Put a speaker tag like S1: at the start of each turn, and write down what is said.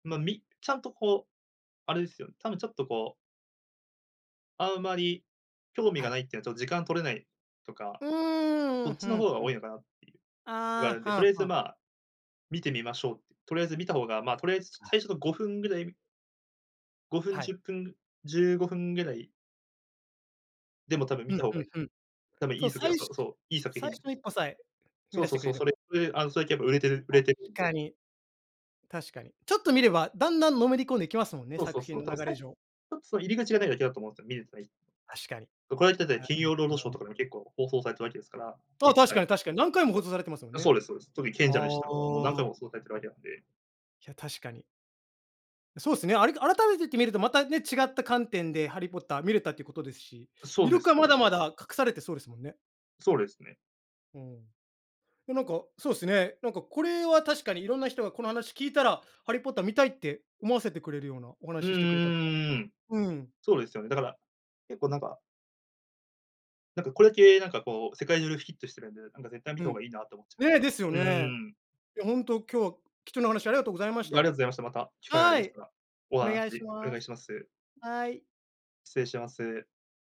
S1: まあ、みちゃんとこう、あれですよね、多分ちょっとこうあんまり興味
S2: は
S1: が
S2: い。
S1: ないっていうのは、ちょっと時間取れないとか、
S2: うー
S1: そ
S2: ん、
S1: っち
S2: ふ
S1: の
S2: ん
S1: 方が
S2: ふ
S1: 多い
S2: ん。
S1: のかなっていう、ひがね
S2: あ
S1: ん
S2: あ、
S1: で、とりあ
S2: は
S1: え
S2: あ
S1: ず、
S2: はあ。
S1: ま、観てみましょうって。とりあえず観た方が、ま、とりあえず
S2: あ。
S1: 最初の5分ぐらい、み5分、
S2: は
S1: じ
S2: い。
S1: ゅっぷん、15分ぐらいでも多分
S2: う
S1: 観
S2: ん
S1: た方
S2: う
S1: が
S2: ん
S1: いい。
S2: うん。
S1: 多分い
S2: そう、
S1: い作品
S2: 最
S1: あ、そ
S2: 初
S1: うそう、いい作
S2: 最
S1: 品
S2: 初
S1: です。
S2: の一歩さえ、踏み
S1: そう
S2: だし
S1: そう
S2: てく
S1: そう、
S2: れれ
S1: そ
S2: ば。
S1: れで、あの、それやっぱ売れてる売れ
S2: 確
S1: てるん
S2: か
S1: で。
S2: に。確かに。ちょっと観れば、だんだん、のめり込んでいきますもんね、
S1: そうそ
S2: 作
S1: う
S2: 品
S1: そう。多
S2: の
S1: 分
S2: 流
S1: さち
S2: れ上。
S1: ょっとその入り口がないだけだと思うんですよ、観れてない人。
S2: 確かに。
S1: う、これはただ、
S2: あ
S1: 金
S2: の、
S1: 曜ロードショー
S2: の
S1: とかでも、結構放送されてるわけですから、い
S2: そ
S1: っ
S2: う、確
S1: ぱ
S2: か
S1: い。
S2: に確かに、何回も放
S1: そ
S2: 送されてますもん
S1: う、そ
S2: ね。
S1: うですそうです。特に賢者の
S2: あ
S1: 石とか、もう何回
S2: あ。
S1: も放送されてるわけなんで。
S2: いや、確かに。そうすね。ありが改めてって観るとまたね、違った観点でハリー・ポッター観れたってことですし。
S1: そ
S2: 魅
S1: うで
S2: 力
S1: す、
S2: は
S1: そう
S2: ま
S1: です。
S2: だまだ、隠されてそうですもんね。
S1: そうですね。
S2: うん。え、なんかそうすね。なんかこれは、確かにいろんな人が、この話聞いたら、ハリー・ポッター観たいって、思わせてくれるような、お
S1: う
S2: 話ししてくれたか
S1: ーん。
S2: ら。うーん。
S1: そうですよね、だから、結構なんかなんかこれだけ、なんかこう、世界中でヒットしてるんで。なんか絶対、観
S2: う
S1: た方
S2: ん。
S1: がいいなと思ってまし
S2: ね、
S1: た。
S2: ですよ
S1: うー
S2: ね。
S1: ん。
S2: いやほんと、今日は貴重な話、ありがとうございま
S1: あ
S2: し
S1: りがと
S2: た。
S1: うございました。また機会があり
S2: は
S1: まし
S2: い。
S1: たら、お
S2: お
S1: 話
S2: 願いし
S1: お
S2: ま
S1: 願い
S2: す。
S1: します。
S2: はい。
S1: 失礼します。